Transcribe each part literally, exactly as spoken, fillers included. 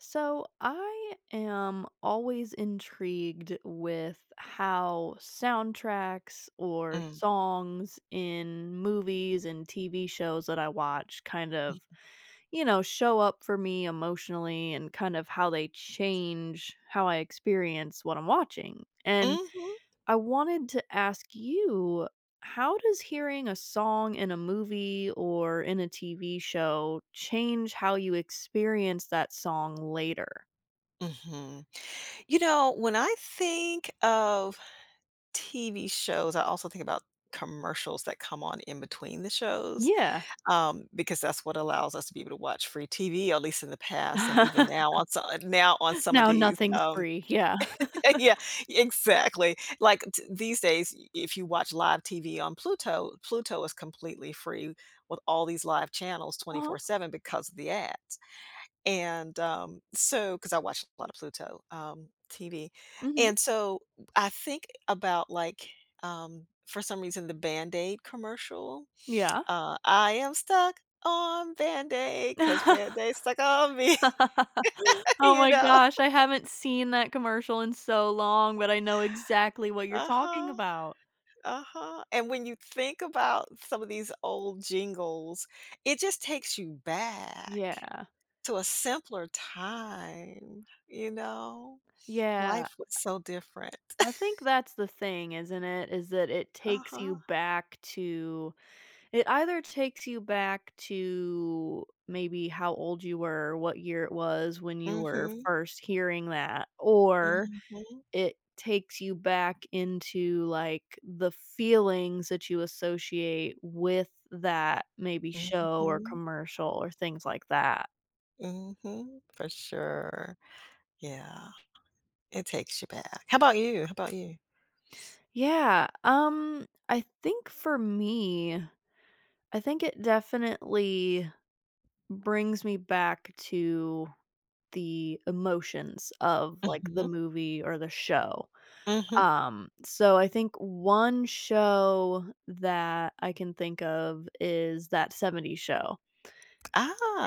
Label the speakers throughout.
Speaker 1: So, I am always intrigued with how soundtracks or
Speaker 2: Mm.
Speaker 1: songs in movies and TV shows that I watch kind of, you know, show up for me emotionally, and kind of how they change how I experience what I'm watching. And,
Speaker 2: Mhm.
Speaker 1: I wanted to ask you, how does hearing a song in a movie or in a TV show change how you experience that song later?
Speaker 2: Mhm. You know, when I think of TV shows, I also think about commercials that come on in between the shows,
Speaker 1: Yeah.
Speaker 2: um, because that's what allows us to be able to watch free TV, at least in the past and even now on so uh, now on some of
Speaker 1: No,
Speaker 2: these,
Speaker 1: nothing's
Speaker 2: um
Speaker 1: free. Yeah.
Speaker 2: yeah. Exactly. Like, t these days, i if you watch live TV on Pluto, Pluto is completely free with all these live channels
Speaker 1: Uh-huh.
Speaker 2: twenty-four seven because of the ads. And, um, so 'cause I watch a lot of Pluto, um, TV.
Speaker 1: Mhm.
Speaker 2: And so I think about, like, um, for some reason, the Band-Aid commercial.
Speaker 1: Yeah.
Speaker 2: Uh, I am stuck on Band Aid 'cause Band-Aid stuck on me.
Speaker 1: Oh
Speaker 2: You
Speaker 1: my
Speaker 2: know?
Speaker 1: gosh! I haven't seen that commercial in so long, but I know exactly what you're talking
Speaker 2: Uh-huh.
Speaker 1: about.
Speaker 2: Uh-huh. And when you think about some of these old jingles, it just takes you back
Speaker 1: Yeah.
Speaker 2: to a simpler time, you know.
Speaker 1: Yeah.
Speaker 2: Life was so different.
Speaker 1: I think that's the thing, isn't it? Is that it takes you
Speaker 2: Uh-huh.
Speaker 1: back to it either takes you back to, maybe, how old you were, what year it was when you were
Speaker 2: Mhm.
Speaker 1: first hearing that or
Speaker 2: Mhm.
Speaker 1: it takes you back into, like, the feelings that you associate with that, maybe, show, or
Speaker 2: Mhm.
Speaker 1: commercial, or things like that.
Speaker 2: Mhm. For sure. Yeah. It takes you back. How about you? How about you?
Speaker 1: Yeah. Um, I think for me I think it definitely brings me back to the emotions of, like, the
Speaker 2: Mhm.
Speaker 1: movie or the show.
Speaker 2: Mhm.
Speaker 1: Um, so I think one show that I can think of is That 70s Show.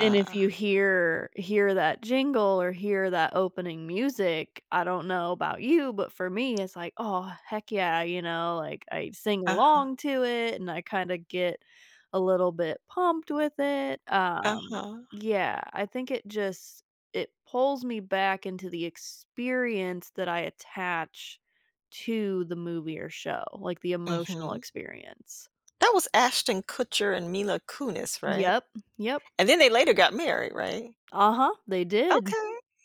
Speaker 1: And if you hear hear that jingle or hear that opening music, I don't know about you, but for me, it's like, "Oh, heck yeah." You know? Like, I sing
Speaker 2: Uh-huh.
Speaker 1: along to it, and I kinda get a little bit pumped with it, um,
Speaker 2: Uh-huh.
Speaker 1: yeah, I think it just it pulls me back into the experience that I attach to the movie or show, like, the emotional
Speaker 2: Mhm.
Speaker 1: experience.
Speaker 2: That was Ashton Kutcher and Mila Kunis, right?
Speaker 1: Yep. Yep.
Speaker 2: And then they later got married, right?
Speaker 1: Uh-huh, they did.
Speaker 2: Okay.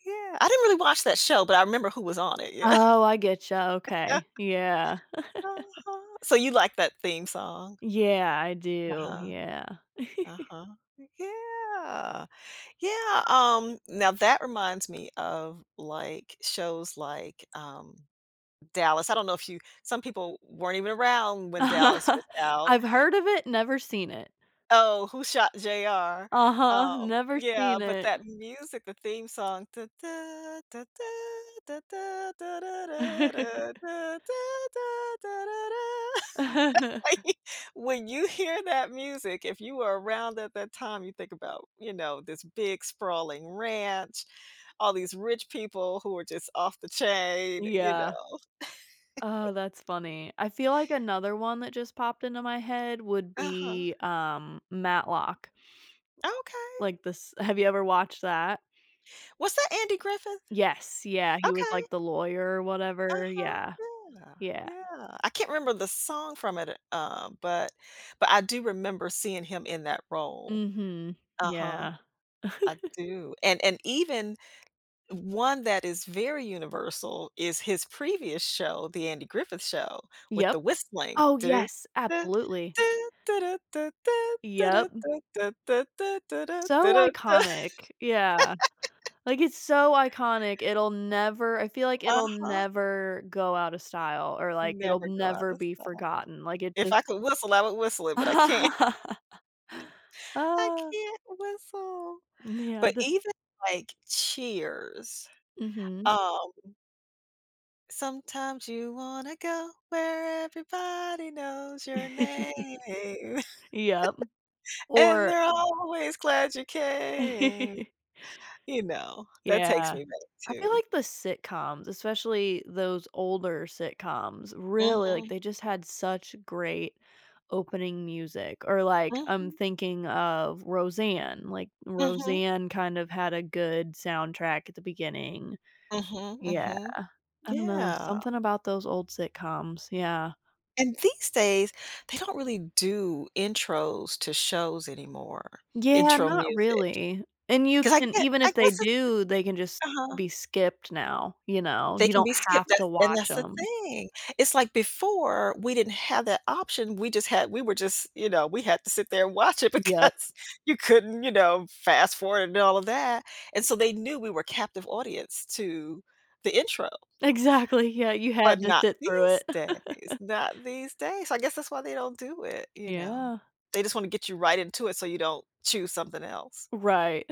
Speaker 2: Yeah, I didn’t really watch that show, but I remember who was on it. Yeah.
Speaker 1: Oh, I get you, okay. Yeah.
Speaker 2: Uh-huh. So, you like that theme song?
Speaker 1: Yeah, I do.
Speaker 2: Uh-huh.
Speaker 1: Yeah.
Speaker 2: Uh-huh. Yeah. Yeah, um, now that reminds me of, like, shows like, um, Dallas, I don’t know if you some people weren’t even around when Dallas was out.
Speaker 1: I've heard of it. Never seen it.
Speaker 2: Oh, "Who shot JR?"
Speaker 1: Uh-huh.
Speaker 2: Um,
Speaker 1: Never
Speaker 2: yeah,
Speaker 1: seen
Speaker 2: but
Speaker 1: it.
Speaker 2: that music, the theme song When you hear that music, if you were around at that time, you think about, you know, this big sprawling ranch, all these rich people who are just off the chain, you know?
Speaker 1: Yeah. Oh, that's funny, I feel like another one that just popped into my head would
Speaker 2: Uh-huh.
Speaker 1: be, um, Matlock.
Speaker 2: Okay.
Speaker 1: Like this have you ever watched that?
Speaker 2: Was that Andy Griffith?
Speaker 1: Yes, yeah, he was
Speaker 2: Okay.
Speaker 1: like the lawyer or whatever,
Speaker 2: Uh-huh.
Speaker 1: yeah.
Speaker 2: Yeah,
Speaker 1: Yeah.
Speaker 2: yeah, I can’t remember the song from it uh, but but I do remember seeing him in that role.
Speaker 1: Mhm.
Speaker 2: Uh-huh.
Speaker 1: Yeah.
Speaker 2: I do. And and even one that is very universal is his previous show, the Andy Griffith show with
Speaker 1: Yep.
Speaker 2: the whistling.
Speaker 1: Oh, yes, absolutely. Yep. So iconic. Yeah. Like, it's so iconic, it'll never I feel like it'll
Speaker 2: Uh-huh.
Speaker 1: never go out of style or like, it'll
Speaker 2: Never go out
Speaker 1: never
Speaker 2: of
Speaker 1: be
Speaker 2: style.
Speaker 1: forgotten, like, it
Speaker 2: If
Speaker 1: just
Speaker 2: I could whistle, I would whistle it, but I can't. I
Speaker 1: Ah.
Speaker 2: can't whistle.
Speaker 1: N yeah,
Speaker 2: But
Speaker 1: d
Speaker 2: even, like, Cheers,
Speaker 1: Mhm.
Speaker 2: um "Sometimes you wanna go where everybody knows your name."
Speaker 1: Yep.
Speaker 2: "And
Speaker 1: Or
Speaker 2: they're always glad you came." You know, that takes
Speaker 1: Yeah.
Speaker 2: me back
Speaker 1: I feel
Speaker 2: too.
Speaker 1: like the sitcoms, especially those older sitcoms. Really, like,
Speaker 2: Mhm.
Speaker 1: they just had such great opening music. Or, like, I'm
Speaker 2: Mhm.
Speaker 1: thinking of Roseanne. Like,
Speaker 2: Mhm.
Speaker 1: Roseanne kind of had a good soundtrack at the beginning.
Speaker 2: Mhm,
Speaker 1: Yeah.
Speaker 2: mhm.
Speaker 1: I don't know,
Speaker 2: Yeah.
Speaker 1: something about those old sitcoms, yeah.
Speaker 2: And these days, they don't really do intros to shows anymore.
Speaker 1: Yeah,
Speaker 2: Intro
Speaker 1: not
Speaker 2: music.
Speaker 1: really. And you
Speaker 2: 'Cause I
Speaker 1: can
Speaker 2: get
Speaker 1: even
Speaker 2: I
Speaker 1: if they
Speaker 2: guess it's
Speaker 1: do, they can just
Speaker 2: uh-huh.
Speaker 1: be skipped now, you know,
Speaker 2: They
Speaker 1: you
Speaker 2: can
Speaker 1: don't
Speaker 2: be skipped.
Speaker 1: have
Speaker 2: That's
Speaker 1: to
Speaker 2: and
Speaker 1: watch
Speaker 2: that's the
Speaker 1: 'em.
Speaker 2: thing. It's like before, we didn't have that option, we just had we were just, you know, we had to sit there and watch it,
Speaker 1: Yep.
Speaker 2: because you couldn't, you know, fast forward and all of that. And so they knew we were captive audience to the intro.
Speaker 1: Exactly, yeah, you
Speaker 2: But
Speaker 1: had to
Speaker 2: not
Speaker 1: sit through
Speaker 2: these
Speaker 1: it.
Speaker 2: days, not these days. I guess that's why they don't do it, you know?
Speaker 1: Yeah.
Speaker 2: They just wanna get you right into it so you don't choose something else.
Speaker 1: Right.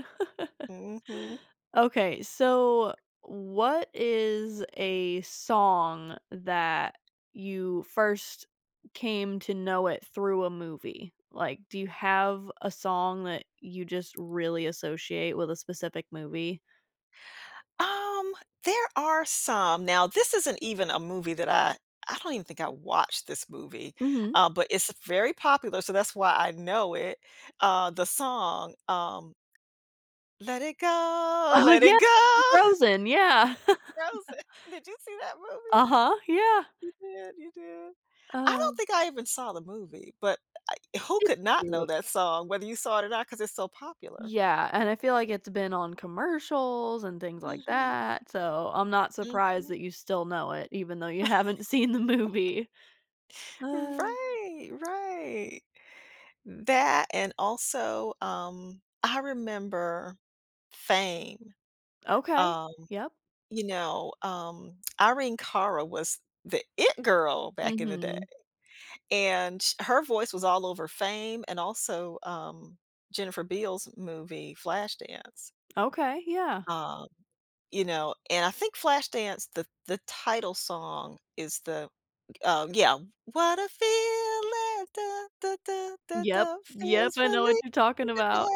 Speaker 2: Mhm.
Speaker 1: Okay. So, what is a song that you first came to know it through a movie? Like, do you have a song that you just really associate with a specific movie?
Speaker 2: Um, there are some. Now this isn't even a movie that, uh I don't even think I watched this movie,
Speaker 1: Mhm.
Speaker 2: uh, but it's a very popular, so that's why I know it, uh, the song, um "Let It Go,
Speaker 1: Oh,
Speaker 2: let
Speaker 1: yeah,
Speaker 2: It Go."
Speaker 1: from Frozen, yeah.
Speaker 2: It's "Frozen." Did you see that movie?
Speaker 1: Uh-huh, yeah.
Speaker 2: You did, you did. I don't
Speaker 1: Oh.
Speaker 2: think I even saw the movie, but I who
Speaker 1: It's
Speaker 2: could not know
Speaker 1: cute.
Speaker 2: that song whether you saw it or not, 'cause it's so popular.
Speaker 1: Yeah, and I feel like it's been on commercials and things like
Speaker 2: Mhm.
Speaker 1: that, so I'm not surprised
Speaker 2: Mhm.
Speaker 1: that you still know it even though you haven't seen the movie.
Speaker 2: Right, right. That and also, um, I remember, "Fame."
Speaker 1: Okay.
Speaker 2: Um,
Speaker 1: Yep.
Speaker 2: you know, um, Irene Cara was the it girl back in the day,
Speaker 1: Mhm.
Speaker 2: and, ch her voice was all over "Fame" and also, um, Jennifer Beals movie, "Flashdance."
Speaker 1: Okay, yeah.
Speaker 2: Um, you know, and I think "Flashdance," the the title song, is the uh, yeah, "What a feeling, duh duh duh duh
Speaker 1: Yep.
Speaker 2: duh,
Speaker 1: Yep,
Speaker 2: feels
Speaker 1: I know what
Speaker 2: relief,
Speaker 1: you're talking about.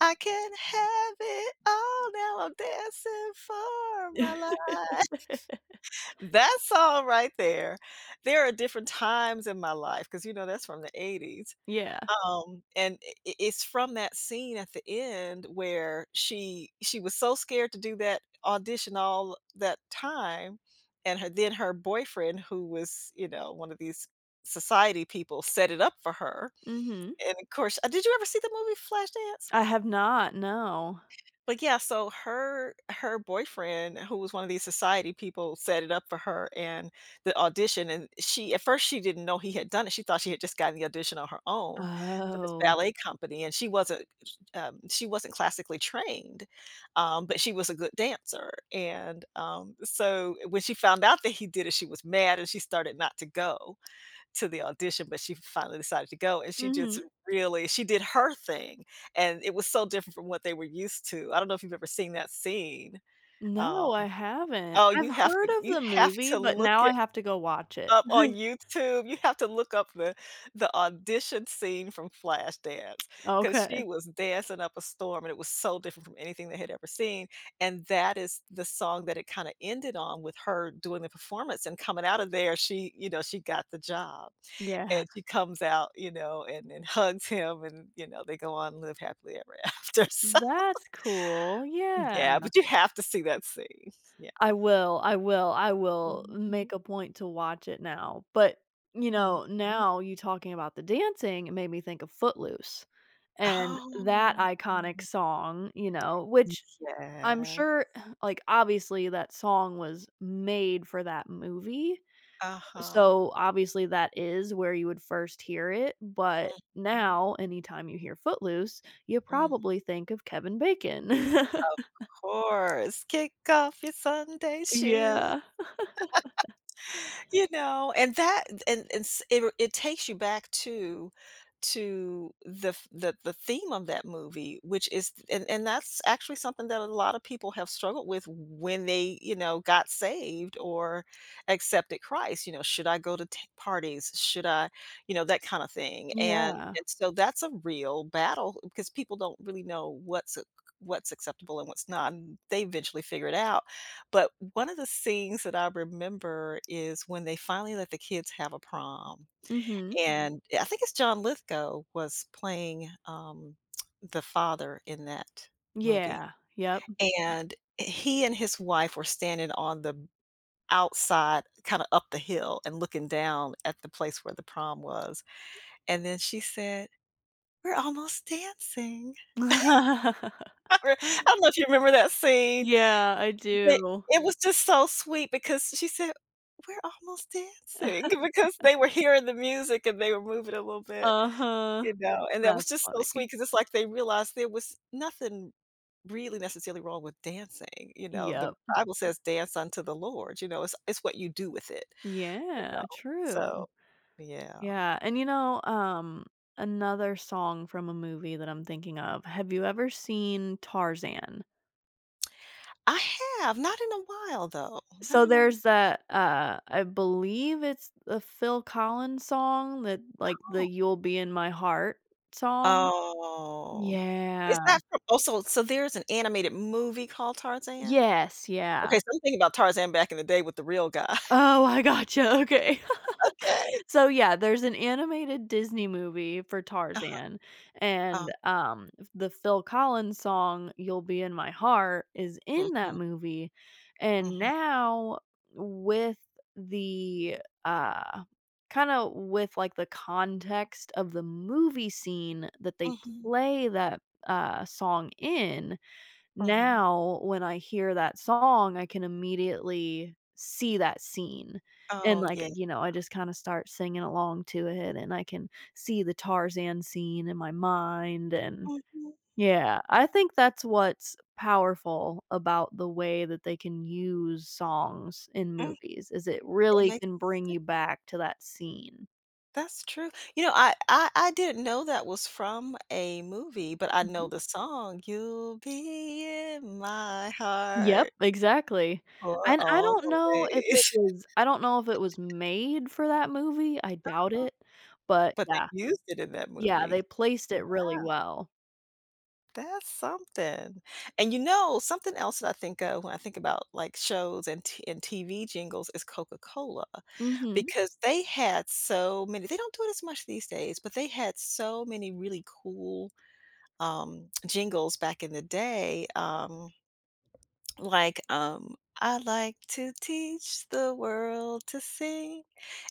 Speaker 2: I can't have it all, now I'm dancing for my life." That song right there there are different times in my life, 'cause you know that's from the eighties.
Speaker 1: Yeah.
Speaker 2: Um, and, i i it's from that scene at the end where she she was so scared to do that audition all that time, and her then her boyfriend who was, you know, one of these society people set it up for her.
Speaker 1: Mhm.
Speaker 2: And of course, uh did you ever see the movie "Flashdance?"
Speaker 1: I have not, no.
Speaker 2: Like, yeah, so her her boyfriend who was one of these society people set it up for her and the audition, and she at first, she didn't know he had done it, she thought she had just gotten the audition on her own for this
Speaker 1: Oh.
Speaker 2: ballet company, and she wasn't, um she wasn't classically trained, um, but she was a good dancer, and, um, so when she found out that he did it, she was mad and she started not to go to the audition, but she finally decided to go, and she just
Speaker 1: Mhm.
Speaker 2: really she did her thing, and it was so different from what they were used to, I don't know if you've ever seen that scene,
Speaker 1: No,
Speaker 2: um
Speaker 1: I haven't.
Speaker 2: Oh,
Speaker 1: I've
Speaker 2: you have
Speaker 1: heard
Speaker 2: to
Speaker 1: of
Speaker 2: you
Speaker 1: the
Speaker 2: have
Speaker 1: movie,
Speaker 2: to
Speaker 1: but
Speaker 2: look
Speaker 1: now I
Speaker 2: it
Speaker 1: have to go watch it.
Speaker 2: up on YouTube you have to look up the the audition scene from "Flashdance," 'cause she
Speaker 1: Okay.
Speaker 2: was dancing up a storm, and it was so different from anything they had ever seen, and that is the song that it kinda ended on with her doing the performance and coming out of there, she, you know she got the job,
Speaker 1: Yeah.
Speaker 2: and she comes out, you know, and and hugs him and, you know, they go on live happily ever after, so,
Speaker 1: That's cool. Yeah.
Speaker 2: yeah, but you have to see that scene,
Speaker 1: I
Speaker 2: yeah.
Speaker 1: will I will I will
Speaker 2: Mhm.
Speaker 1: make a point to watch it now, but, you know,
Speaker 2: Mhm.
Speaker 1: now you talking about the dancing made me think of "Footloose" and that
Speaker 2: Oh.
Speaker 1: iconic song, you know, which I'm
Speaker 2: Yeah.
Speaker 1: sure, like, obviously, that song was made for that movie,
Speaker 2: Uh-huh.
Speaker 1: so, obviously, that is where you would first hear it, but
Speaker 2: Mhm.
Speaker 1: now, anytime you hear "Footloose," you
Speaker 2: Mhm.
Speaker 1: probably think of Kevin Bacon.
Speaker 2: Of course. Kick off your Sunday shoes.
Speaker 1: Yeah.
Speaker 2: You know? And that, th and and s i ru it takes you back to to the f the the theme of that movie, which is th and and that's actually something that a lot of people have struggled with when they, you know, got saved or accepted Christ, you know? Should I go to t parties? Should I You know, that kinda thing, and
Speaker 1: Yeah.
Speaker 2: and, so that's a real battle because people don't really know what's acc what's acceptable and what's not, n they eventually figure it out. But one of the things that I remember is when they finally let the kids have a prom.
Speaker 1: Mhm.
Speaker 2: And I think it's John Lithgow was playing, um, the father in that movie,
Speaker 1: Yeah. Yep.
Speaker 2: and he and his wife were standing on the outside, kind of up the hill and looking down at the place where the prom was, and then she said, "We're almost dancing." I don't know if you remember that scene,
Speaker 1: Yeah, I
Speaker 2: but
Speaker 1: do.
Speaker 2: it was just so sweet, because she said, "We're almost dancing" because they were hearing the music, and they were moving a little bit,
Speaker 1: Uh-huh.
Speaker 2: you know, and that
Speaker 1: That's
Speaker 2: was just so
Speaker 1: funny.
Speaker 2: sweet, 'cause it's like they realized there was nothing really necessarily wrong with dancing, you know? The
Speaker 1: Yep.
Speaker 2: Bible says dance unto the Lord, you know? It's it's what you do with it, you know?
Speaker 1: Yeah, true.
Speaker 2: So, yeah.
Speaker 1: Yeah, and, you know, um, another song from a movie that I'm thinking of, have you ever seen "Tarzan"?
Speaker 2: I have, not in a while though. Not
Speaker 1: So,
Speaker 2: in a wh
Speaker 1: there's that, uh, I believe it's a Phil Collins song that, like, the
Speaker 2: Oh.
Speaker 1: "You'll Be in My Heart" song?
Speaker 2: Oh. Is
Speaker 1: Yeah.
Speaker 2: that from also, so there's an animated movie called Tarzan?
Speaker 1: Yes,
Speaker 2: Okay,
Speaker 1: yeah.
Speaker 2: 'cause I'm thinking about Tarzan back in the day with the real guy.
Speaker 1: Oh, I gotcha. Okay.
Speaker 2: Okay.
Speaker 1: So, yeah, there's an animated Disney movie for
Speaker 2: Uh-huh.
Speaker 1: Tarzan
Speaker 2: Oh.
Speaker 1: and, um, the Phil Collins song, "You'll Be In My Heart," is in that
Speaker 2: Mhm.
Speaker 1: movie; and
Speaker 2: Mhm.
Speaker 1: now with the, uh, kinda with, like, the context of the movie scene that they
Speaker 2: Mhm.
Speaker 1: play that, uh, song in,
Speaker 2: Mhm.
Speaker 1: now when I hear that song, I can immediately see that scene and,
Speaker 2: Oh,
Speaker 1: like,
Speaker 2: yeah.
Speaker 1: you know, I just kinda start singing along to it and I can see the Tarzan scene in my mind and
Speaker 2: Mhm.
Speaker 1: yeah. I think that's what's powerful about the way that they can use songs in
Speaker 2: Mm.
Speaker 1: movies, is it
Speaker 2: That
Speaker 1: really
Speaker 2: makes
Speaker 1: can bring
Speaker 2: sen
Speaker 1: you back to that scene.
Speaker 2: That's true. You know, I I I didn't know that was from a movie, but I
Speaker 1: Mhm.
Speaker 2: know the song. "You'll be in my
Speaker 1: Yep,
Speaker 2: heart"
Speaker 1: exactly,
Speaker 2: "for
Speaker 1: and I don't know if it
Speaker 2: always."
Speaker 1: was I don't know if it was made for that movie- I doubt
Speaker 2: Uh-huh.
Speaker 1: it- but,
Speaker 2: But they
Speaker 1: yeah
Speaker 2: used it in that
Speaker 1: Yeah, they
Speaker 2: movie?
Speaker 1: placed it really
Speaker 2: Wow.
Speaker 1: well.
Speaker 2: That's something, and, you know, something else that I think of when I think about, like, shows and T and TV jingles, is Coca-Cola
Speaker 1: Mhm.
Speaker 2: because they had so many they don't do it as much these days, but they had so many really cool, um, jingles back in the day, um, like, um, "I like to teach the world to sing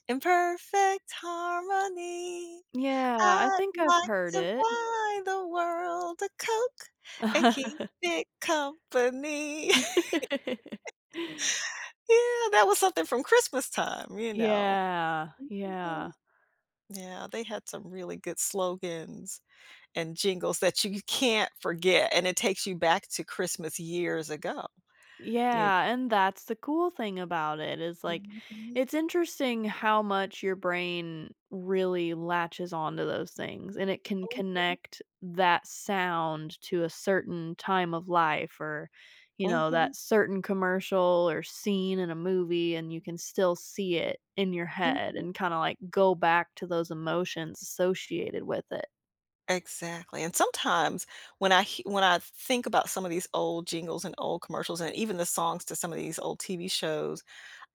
Speaker 2: in perfect harmony.
Speaker 1: Yeah, I
Speaker 2: I
Speaker 1: think I've
Speaker 2: like
Speaker 1: heard
Speaker 2: to
Speaker 1: it.
Speaker 2: buy the world a Coke and keep it company." Yeah. That was something from Christmastime, you know.
Speaker 1: Yeah. Yeah.
Speaker 2: Yeah, they had some really good slogans and jingles that you can't forget, and it takes you back to Christmas years ago, you know?
Speaker 1: Yeah, and that's the cool thing about it is like,
Speaker 2: Mhm.
Speaker 1: it's interesting how much your brain really latches onto those things and it can
Speaker 2: [unintelligible]
Speaker 1: connect that sound to a certain time of life or, you know,
Speaker 2: Mhm.
Speaker 1: that certain commercial or scene in a movie and you can still see it in your head
Speaker 2: Mhm.
Speaker 1: and kinda, like, go back to those emotions associated with it.
Speaker 2: Exactly, and sometimes when I hea I when I th think about some of these old jingles and old commercials and even the songs to some of these old TV shows,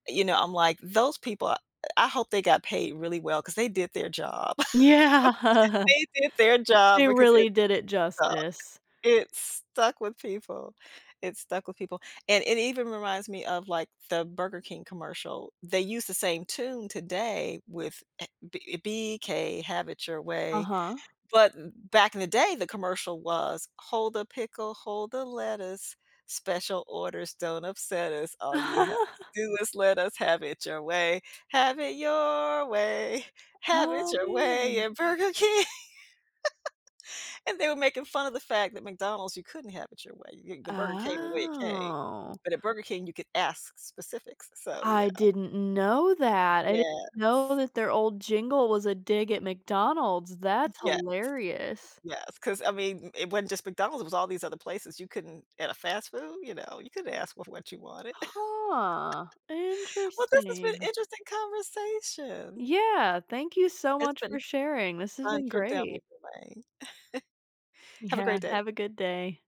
Speaker 2: you know, I'm like "Those people I hope they got paid really well, 'cause they did their job."
Speaker 1: Yeah.
Speaker 2: They did their job
Speaker 1: They
Speaker 2: because it
Speaker 1: really did it
Speaker 2: stuck.
Speaker 1: justice.
Speaker 2: It stuck with people. It stuck with people. And it even reminds me of like the Burger King commercial. They use the same tune today with, eh B uh, "B.K. have it your way."
Speaker 1: Uh-huh.
Speaker 2: But back in the day, the commercial was, "Hold a pickle, hold the lettuce, special orders don't upset us. All you have to do is let us have it your way. Have it your way. Have it
Speaker 1: Oh,
Speaker 2: your way
Speaker 1: man.
Speaker 2: at Burger King." And they were making fun of the fact that McDonald's, you couldn't have it your way. Y The burger came the way it came.
Speaker 1: Oh.
Speaker 2: But at Burger King, you could ask specifics, so yeah.
Speaker 1: I didn't know that. I didn't
Speaker 2: Yes.
Speaker 1: know that their old jingle was a dig at McDonald's, that's
Speaker 2: Yes.
Speaker 1: hilarious.
Speaker 2: Yes, 'cause I mean, it wasn't just McDonald's, it was all these other places you couldn't at a fast food, you know, you couldn't ask wha f what you wanted.
Speaker 1: Huh,
Speaker 2: Well, this has been
Speaker 1: interesting.
Speaker 2: interesting conversation.
Speaker 1: Yeah. Thank you so
Speaker 2: It's
Speaker 1: much for
Speaker 2: been
Speaker 1: sharing, this has
Speaker 2: fun
Speaker 1: been
Speaker 2: trip down
Speaker 1: great.
Speaker 2: memory lane. Have a
Speaker 1: Yeah.
Speaker 2: great day.
Speaker 1: Have a good day.